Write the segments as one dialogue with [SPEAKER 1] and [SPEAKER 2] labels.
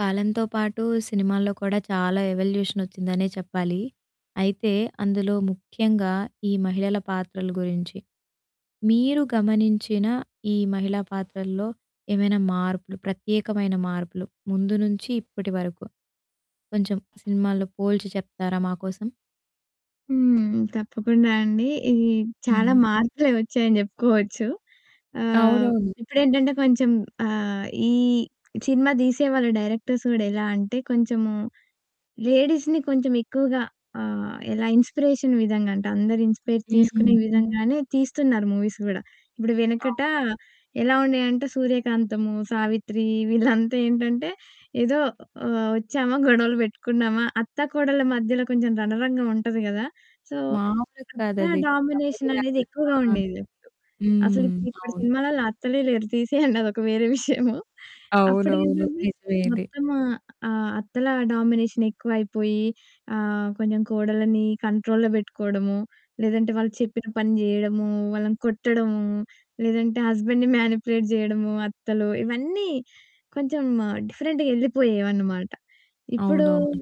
[SPEAKER 1] కాలంతో పాటు సినిమాల్లో కూడా చాలా ఎవల్యూషన్ వచ్చిందనే చెప్పాలి. అయితే అందులో ముఖ్యంగా ఈ మహిళల పాత్రల గురించి. మీరు గమనించిన ఈ మహిళా పాత్రల్లో ఏమైనా మార్పులు ప్రత్యేకమైన మార్పులు ముందు నుంచి ఇప్పటి వరకు కొంచెం సినిమాల్లో పోల్చి చెప్తారా మాకోసం?
[SPEAKER 2] హ్మ్. తప్పకుండా అండి. ఈ చాలా
[SPEAKER 1] హ్మ్.
[SPEAKER 2] మార్పులే వచ్చాయని జెప్పుకోవచ్చు. ఆహ్,
[SPEAKER 1] అవునవును.
[SPEAKER 2] ఇప్పుడేంటంటే కొంచెం ఆహ్, ఈ సినిమా తీసేవాళ్ళు డైరెక్టర్స్ కూడా ఎలా అంటే కొంచెము లేడీస్‌ని కొంచెం ఎక్కువగా ఆహ్, ఎలా ఇన్స్‌పిరేషన్‌ విధంగా అంటే అందరు ఇన్స్‌పైర్
[SPEAKER 1] హ్మ్.
[SPEAKER 2] తీసుకునే విధంగానే తీస్తున్నారు మూవీస్ గూడా. ఇబ్బుడు
[SPEAKER 1] అవును.
[SPEAKER 2] వెనకట ఎలా ఉండేయంటే సూర్యకాంతము, సావిత్రి వీళ్ళంతా ఏంటంటే ఏదో ఆహ్, వచ్చామా గొడవలు పెట్టుకున్నామా అత్తా, కోడళ్ళ మధ్యలో కొంచెం రణరంగం ఉంటది గదా! సో
[SPEAKER 1] మాములు
[SPEAKER 2] అత్త
[SPEAKER 1] కాదది. కబడ్డీ
[SPEAKER 2] డామినేషన్
[SPEAKER 1] లాగ.
[SPEAKER 2] అనేది
[SPEAKER 1] ఆ!
[SPEAKER 2] ఎక్కువగా ఉండేది అప్పుడు. అసలు
[SPEAKER 1] హ్మ్.
[SPEAKER 2] ఇప్పుడు ఇప్పుడు
[SPEAKER 1] అవును
[SPEAKER 2] సినిమాలల్లో అత్తలే లేరు. తీసేయండి. అదొక వేరే విషయము.
[SPEAKER 1] అవునవును.
[SPEAKER 2] అప్పుడేంటంటే
[SPEAKER 1] నిజమే ఇది.
[SPEAKER 2] మొత్తం ఆహ్, ఆహ్, అత్తల డామినేషన్ ఎక్కువ అయిపోయి ఆహ్, కొంచెం కోడళ్ళని కంట్రోల్‌లో బెట్టుకోవడము. లేదంటే వాళ్ళు చెప్పిన పని జేయడము, వాళ్ళని కొట్టడము, లేదంటే హస్బెండ్‌ని మానిప్యులేట్ జేయడము అత్తలు ఇవన్నీ కొంచెం డిఫరెంట్‌గా యెళ్ళిపోయేవన్నమాట. ఇప్పుడు
[SPEAKER 1] అవునవును.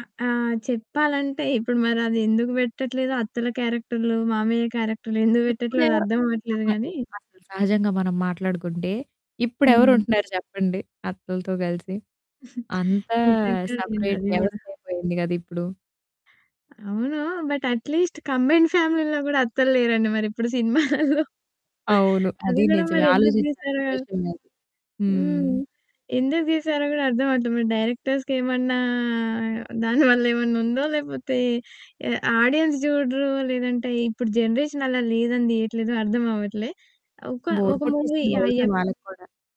[SPEAKER 2] ఆహ్, ఆహ్, చెప్పాలంటే ఇప్పుడు మరది ఎందుకు పెట్టట్లేదో అత్తల క్యారెక్టర్‌లు, మామయ్య క్యారెక్టర్‌లు ఎందుకు పెట్టట్లేదో అది
[SPEAKER 1] ఇప్పుడెవరు
[SPEAKER 2] అర్థం అవ్వట్లేదు
[SPEAKER 1] అహా!
[SPEAKER 2] గాని
[SPEAKER 1] ఇపుడు అసలు సహజంగా మనం మాట్లాడుకుంటే,
[SPEAKER 2] హుహు.
[SPEAKER 1] ఇప్పుడెవరుంటున్నారు చెప్పండి అత్తలతో గలిసి? అంతా
[SPEAKER 2] నిజంగా ఉండింది
[SPEAKER 1] సపరేట్
[SPEAKER 2] అది గూడా.
[SPEAKER 1] వ్యవస్థ అయిపోయింది గద ఇప్పుడు.
[SPEAKER 2] అవును. బట్ అట్లీస్ట్ కంబైన్డ్ ఫ్యామిలీల్లో కూడా అత్తల్లేరండి మరి ఇప్పుడు సినిమాలల్లో.
[SPEAKER 1] అవును.
[SPEAKER 2] అది
[SPEAKER 1] అదీ
[SPEAKER 2] కూడా
[SPEAKER 1] నిజమే.
[SPEAKER 2] మరి ఎందుకు తీసారో
[SPEAKER 1] ఆలోచించాల్సిన విషయం అది.
[SPEAKER 2] హ్మ్.
[SPEAKER 1] హ్మ్.
[SPEAKER 2] ఎందుకు తీసారో గూడా అర్థం అవ్వట్లే. మరి డైరెక్టర్స్‌కి ఏమన్నా దాని వల్ల ఏమన్నుందో లేపోతే ఎ ఆడియన్స్ చూడరో లేదంటే ఇప్పుడు జనరేషన్ అలా లేదని దీయట్లేదో అర్థం అవ్వట్లే. ఒక,
[SPEAKER 1] బోర్
[SPEAKER 2] ఒక మూవీ
[SPEAKER 1] కొట్టేసింది
[SPEAKER 2] ఆ
[SPEAKER 1] బహుశా
[SPEAKER 2] ఎఫ్
[SPEAKER 1] వాళ్ళక్కూడా.